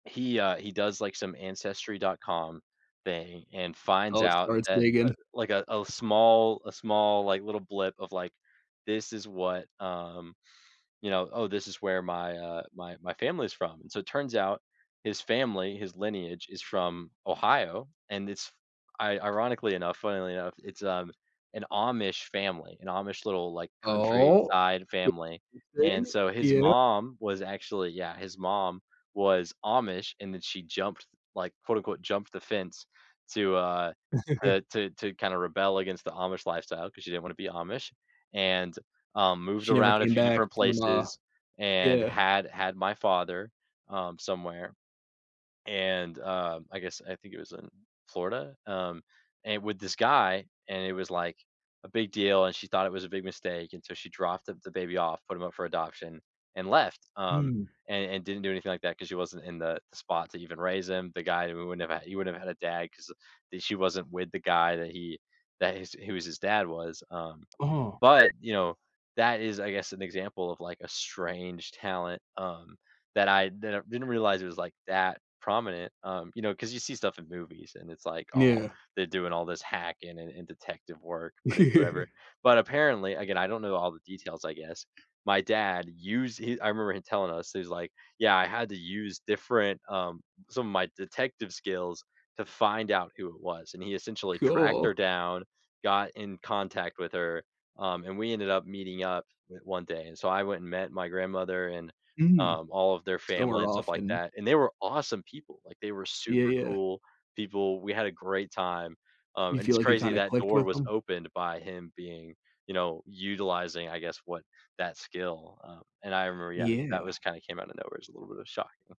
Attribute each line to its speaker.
Speaker 1: He uh, he does like some Ancestry.com thing and finds
Speaker 2: Oh,
Speaker 1: out
Speaker 2: starts
Speaker 1: that, uh,
Speaker 2: digging.
Speaker 1: like, a a small a small, like, little blip of like, "This is what" um, you know, "Oh, this is where my," uh, "my my family is from," and so it turns out, his family, his lineage is from Ohio, and it's i ironically enough, funnily enough, it's, um, an Amish family, an Amish little, like,
Speaker 2: Oh? Oh,
Speaker 1: countryside family,
Speaker 2: you see?
Speaker 1: and so his
Speaker 2: Yep.
Speaker 1: mom was actually yeah, his mom was Amish, and then she jumped like, quote, unquote, "jumped the fence," to, uh, to to to kinda rebel against the Amish lifestyle, 'cause she didn't wanna be Amish and, uh, moved
Speaker 2: She never
Speaker 1: around a
Speaker 2: came
Speaker 1: few
Speaker 2: back
Speaker 1: different
Speaker 2: from a
Speaker 1: places and
Speaker 2: Yeah.
Speaker 1: had had my father, um, somewhere, and, uh, I guess I think it was in Florida, um, and with this guy, and it was like, a big deal, and she thought it was a big mistake, and so she dropped the the baby off, put him up for adoption, and left, um,
Speaker 2: Hmm.
Speaker 1: and and didn't do anything like that 'cause she wasn't in the the spot to even raise him. The guy who wouldn't have he wouldn't have had a dad 'cause she wasn't with the guy that he that his who was his dad was, um,
Speaker 2: Ah.
Speaker 1: but, you know, that is, I guess, an example of, like, a strange talent, um, that I didn't didn't realize it was, like, that prominent, um, you know, 'cause you see stuff in movies, and it's like, "Oh,
Speaker 2: Yeah.
Speaker 1: they're doing all this hacking and and detective work, but it's whatever," but, apparently, again, I don't know all the details, I guess. My dad used he I remember him telling us, he's like, "Yeah, I had to use different" um, "some of my detective skills to find out who it was," and he essentially tracked her
Speaker 2: Cool.
Speaker 1: down, got in contact with her, um, and we ended up meeting up one day, and so I went and met my grandmother and,
Speaker 2: Hmm,
Speaker 1: um, all of their
Speaker 2: so
Speaker 1: family
Speaker 2: we're
Speaker 1: and stuff
Speaker 2: off
Speaker 1: like
Speaker 2: and
Speaker 1: that, and they were awesome people, like, they were
Speaker 2: Yeah,
Speaker 1: super
Speaker 2: yeah.
Speaker 1: cool people, we had a great time, um,
Speaker 2: You
Speaker 1: and
Speaker 2: feel
Speaker 1: it's
Speaker 2: like you
Speaker 1: crazy
Speaker 2: kinda
Speaker 1: that
Speaker 2: clicked
Speaker 1: door
Speaker 2: with
Speaker 1: was
Speaker 2: 'em?
Speaker 1: opened by him being you know, utilizing, I guess, what that skill, um and I remember Yeah, that was
Speaker 2: Yeah.
Speaker 1: kinda came out of nowhere, it's a little bit of shock, mm.